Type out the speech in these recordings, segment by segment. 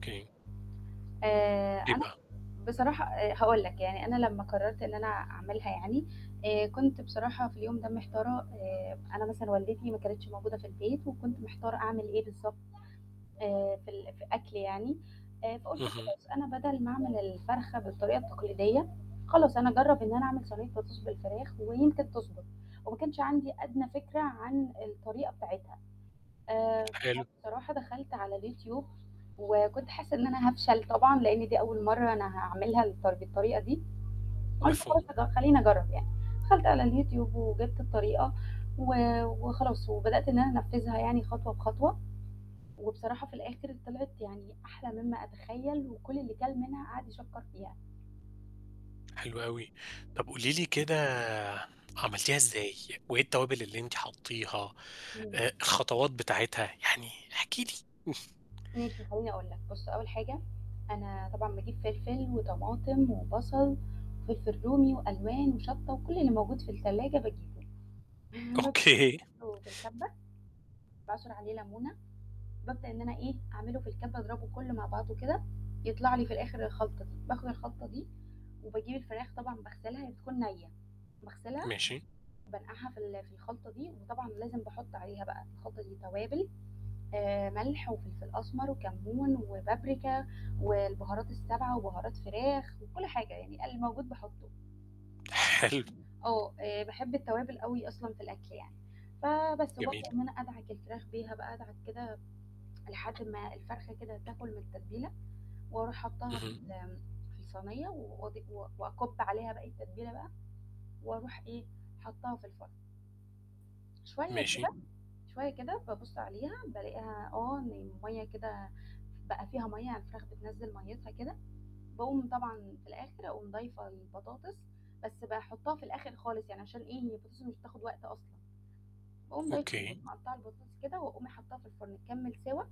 أوكي. آآ إيه أنا بقى؟ بصراحة آآ هاقول لك يعني أنا لمّا قررت إن أنا أعملها يعني، آآ كنت بصراحة في اليوم ده محتارة آآ أنا مثلًا والدتي ما كانتش موجودة في البيت، وكنت محتارة أعمل إيه بالضبط آآ في ال ف أكل يعني، آآ فقُلت اهم. خلاص أنا بدل ما أعمل الفرخة بالطريقة التقليدية، خلاص أنا أجرب إن أنا أعمل صينية بطاطس بالفراخ ويمكن تضبط، وما كانش عندي أدنى فكرة عن الطريقة بتاعتها. آآ حلو. فبصراحة دخلت على الYouTube وكنت حاسة إن أنا هافشل طبعًا لأن دي أول مرّة أنا هاعملها الطر بالطريقة دي، قُلت مفهوم. خلاص هاج خلّيني أجرب يعني. دخلت على الYouTube وجِبت الطريقة و وخلاص وبدأت إن أنا أنفذها يعني خطوة بخطوة، وبصراحة في الآخر طلعت يعني أحلى مما أتخيل وكُل اللي كَل منها قعد يشكَّر فيها. حلو أوي. طب قولي لي كده عملتيها إزاي، وإيه التوابل اللي أنتِ حطتيها؟ إمم. آآ الخطوات بتاعتها، يعني احكي لي ماشي خلّيني أقول لك. بُص أول حاجة، أنا طبعًا باجيب فلفل وطماطم وبصل وفلفل رومي وألوان وشطة وكُل اللي موجود في التلاجة باجيبه، [unintelligible] أوكي. أحطه في الكبة. باعصر عليه لمونة، بابدأ إن أنا إيه أعمله في الكبة أضربه كلّه مع بعضه كده يطلع لي في الآخر الخلطة دي، باخد الخلطة دي وباجيب الفراخ طبعًا باغسلها هي بتكون نية، باغسلها ماشي. وبانقعها في ال في الخلطة دي، وطبعا لازم باحط عليها بقى الخلطة دي توابل، آآ ملح وفلفل أسمر وكمون وبابريكا والبهارات السبعة وبهارات فراخ وكُل حاجة يعني الموجود باحطه. حلو. آه آآ باحب التوابل أوي أصلًا في الأكل يعني. فبس وبابدأ جميل. إن أنا أدعك الفراخ بيها بقى أدعك كده لحد ما الفرخة كده تاكل من التتبيلة، وأروح حاطاها في اهم. ال آمم في الصينية وأض و وأكُب عليها باقي التتبيلة بقى وأروح إيه حاطاها في الفرن. شوية كده شوية ماشي. كده، شوية كده بابص عليها بالاقيها آه إن المَيَّة كده بقى فيها مَيَّة يعني الفراخ بتنزِّل مَيِّتها كده، باقوم طبعًا في الآخر أقوم ضايفة البطاطس، بس باحطها في الآخر خالص يعني عشان إيه هي البطاطس مش بتاخد وقت أصلًا. وأقوم ضايفة أوكي. [unintelligible] مقطعة البطاطس كده وأقوم حاطاها في الفرن تكمل سِوَى.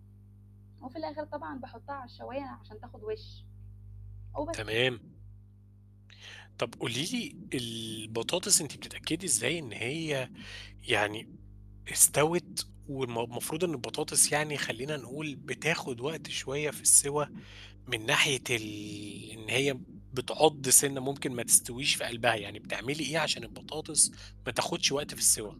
وفي الآخر طبعًا باحطها على الشواية عشان تاخد وِش. وبس. تمام. طب قولي لي البطاطس أنتِ بتتأكدي إزاي إن هي يعني استوِت والم المفروض إن البطاطس يعني خلّينا نقول بتاخد وقت شوية في السِوَى من ناحية ال إن هي بتعض سِنة ممكن ما تستويش في قلبها، يعني بتعملي إيه عشان البطاطس ما تاخدش وقت في السِوَى؟